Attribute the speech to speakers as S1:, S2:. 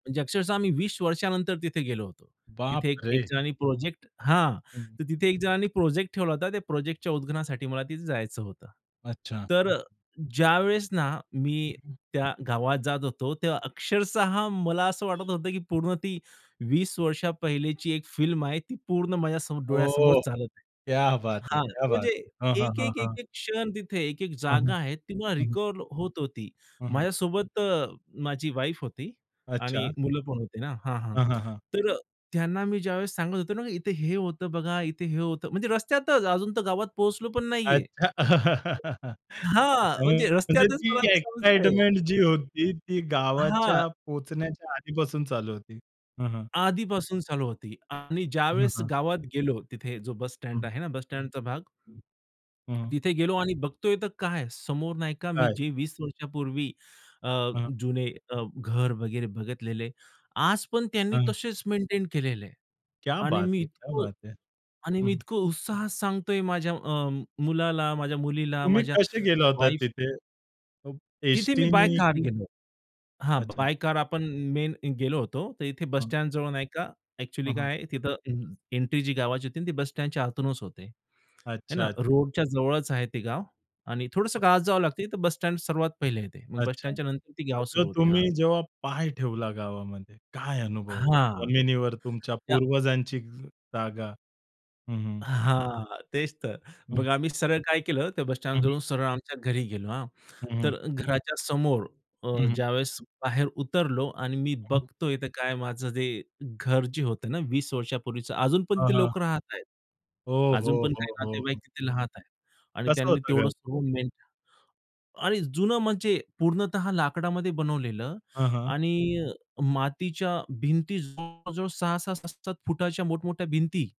S1: म्हणजे अक्षरशः मी 20 वर्षानंतर तिथे गेलो होतो. तिथे एक एक
S2: बापरे!
S1: जणांनी प्रोजेक्ट हां
S2: हं.
S1: तर तिथे एक जणांनी प्रोजेक्ट ठेवला होता त्या प्रोजेक्टच्या उद्घाटनासाठी मला तिथे जायचं होतं.
S2: अच्छा.
S1: तर ज्यावेळेस ना मी त्या गावात जात होतो तेव्हा अक्षरशः मला असं वाटत होतं, की पूर्ण ती 20 वर्ष पहिलेची एक फिल्म आहे ती पूर्ण माझ्या समोर डोळ्यासमोर
S2: ओह!
S1: चालत आहे.
S2: क्या बात है!
S1: हां,
S2: क्या बात
S1: म्हणजे
S2: है! हं, हं,
S1: एक-एक,
S2: हं.
S1: एक-एक क्षण तिथे एक-एक
S2: हं, हं.
S1: जागा आहे ती मला
S2: हं, हं.
S1: रिकॉल होत होती.
S2: हं, हं.
S1: माझ्यासोबत अ, माझी वाईफ होती आणि
S2: अच्छा.
S1: मुलं पण होते ना हां, हां
S2: हां, हां, हां.
S1: तर अ, त्यांना मी ज्यावेळेस सांगत होतो ना इथे हे होतं बघा, इथे हे होतं म्हणजे रस्त्यातच अजून तर गावात पोहोचलो पण नाही आहे.
S2: अच्छा.
S1: हां, म्हणजे
S2: [unintelligible] म्हणजे
S1: रस्त्यातच
S2: ती
S1: मला ते समजतंय.
S2: एक्साइटमेंट जी होती, ती
S1: हां.
S2: गावाच्या पोहोचण्याच्या आधीपासून चालू होती. हं, हं.
S1: आधीपासून चालू होती आणि
S2: हं,
S1: ज्यावेळेस
S2: हं.
S1: गावात गेलो तिथे जो बस स्टँड
S2: हं.
S1: आहे ना बस स्टँडचा भाग
S2: हं. हं, हं.
S1: तिथे गेलो आणि बघतोय तर काय समोर नाही का मी
S2: काय?
S1: जे 20 वर्षांपूर्वी अ,
S2: हं.
S1: जुने अ, घर वगैरे बघितलेले. आज पण त्यांनी
S2: हं.
S1: तसेच मेंटेन केलेले आहे.
S2: क्या
S1: आणि
S2: बात
S1: मी
S2: है! क्या
S1: इतकं
S2: बात है!
S1: आणि
S2: हं,
S1: मी
S2: हं.
S1: इतकं उत्साहात सांगतोय माझ्या अ, मुलाला, माझ्या मुलीला,
S2: तुम्ही
S1: माझ्या
S2: कसे गेला
S1: अ,
S2: होता
S1: वाईफ
S2: तिथे अब
S1: तिथे मी
S2: एसटी
S1: बाय
S2: नी
S1: कार
S2: की
S1: गेलो हां,
S2: अच्छा.
S1: बाय कार आपण मेन गेलो होतो, तर इथे बस
S2: हां.
S1: स्टँड जवळ नाही का एक्चुअली
S2: हं, हं.
S1: काय आहे तिथं ए एंट्री जी गावाची होती ती बस स्टँडच्या आतूनच होते है
S2: अच्छा,
S1: ना.
S2: अच्छा.
S1: रोडच्या जवळच आहे ते गाव आणि थोडंसं
S2: [unintelligible]
S1: गावात जावं लागते तर बस स्टँड सर्वात पहिले येते. मग बस
S2: अच्छा
S1: स्टँडच्या नंतर ते
S2: मग
S1: गाव
S2: जो
S1: सुरू होते. हां
S2: तुम्ही जेव्हा पाय ठेवला गावामध्ये काय अनुभव होता
S1: हां,
S2: जमिनीवर तुमच्या
S1: या
S2: पूर्वजांची ज जागा? हं, हं.
S1: हां, तेच तर
S2: हं.
S1: बघा आम्ही सरळ काय केलं ते बस
S2: हं,
S1: स्टँड
S2: हं.
S1: जवळून सरळ आमच्या घरी गेलो हां.
S2: हं, हं.
S1: तर घराच्या समोर अ,
S2: हं, हं.
S1: ज्यावेळेस बाहेर उतरलो आणि मी
S2: [unintelligible]
S1: बघतोय इथं काय माझं जे घर जे होतं ना 20 वर्षांपूर्वीचं अजून पण
S2: हां,
S1: तिथे
S2: हां.
S1: लोकं राहत आहेत.
S2: हो, हो,
S1: अजून पण काही
S2: हो, हो,
S1: नातेवाईक
S2: हो.
S1: तिथे राहात आहेत आणि
S2: कसं
S1: त्यांनी
S2: होतं
S1: तेवढं
S2: काय?
S1: [unintelligible] आणि जुनं म्हणजे पूर्णतः लाकडामध्ये बनवलेलं
S2: हां, हां.
S1: आणि मातीच्या भिंती जवळजवळ 6-6 7-7 फुटाच्या मोठमोठ्या भिंती.